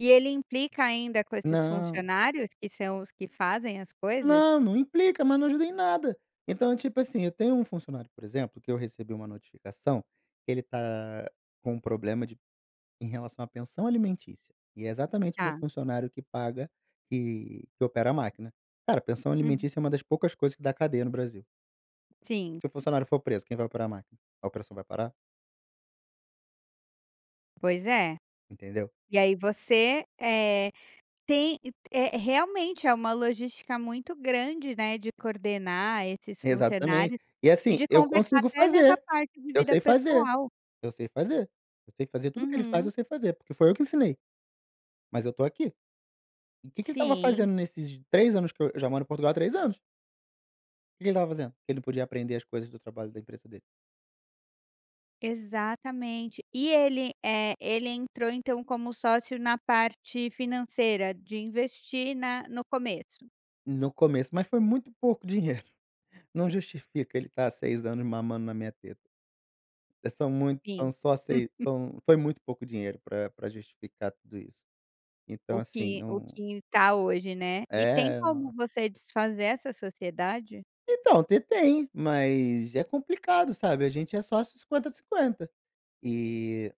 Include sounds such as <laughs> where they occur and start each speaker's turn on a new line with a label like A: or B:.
A: E ele implica ainda com esses
B: Não.
A: funcionários que são os que fazem as coisas?
B: Não, não implica, mas não ajuda em nada. Então, tipo assim, eu tenho um funcionário, por exemplo, que eu recebi uma notificação que ele tá com um problema de em relação à pensão alimentícia e é exatamente meu
A: Tá.
B: funcionário que paga que que opera a máquina. Cara, pensão
A: Hum.
B: alimentícia é uma das poucas coisas que dá cadeia no Brasil.
A: Sim.
B: Se o funcionário for preso, quem vai operar a máquina? A operação vai parar?
A: Pois é.
B: Entendeu?
A: E aí você, eh, tem é realmente é uma logística muito grande, né, de coordenar esses
B: Exatamente.
A: funcionários
B: E
A: e
B: assim,
A: de
B: eu
A: conversar
B: consigo
A: até nessa
B: fazer,
A: parte de
B: eu
A: vida
B: sei fazer,
A: pessoal.
B: eu sei fazer. Eu sei fazer, tudo o que ele faz
A: Uhum.
B: eu sei fazer, porque foi eu que ensinei. Mas eu tô aqui. E que que ele estava
A: Sim.
B: fazendo nesses 3 anos que eu eu já moro em Portugal há 3 anos. Que que ele estava fazendo que ele não podia aprender as coisas do trabalho da empresa dele?
A: Exatamente. E ele, eh, ele entrou, então, como sócio na parte financeira de investir na no começo?
B: No começo, mas foi muito pouco <chuckles> dinheiro, não justifica ele tá há 6 anos mamando na minha teta. É são mui
A: Sim.
B: são só sei
A: <laughs>
B: são foi muito pouco dinheiro pra pra justificar tudo isso. Então
A: O
B: assim,
A: que o
B: não
A: que tá hoje, né. E tem
B: É, é,
A: como
B: no
A: você desfazer essa sociedade?
B: Então, ter tem, mas é complicado, sabe, a gente é sócio 50, 50 e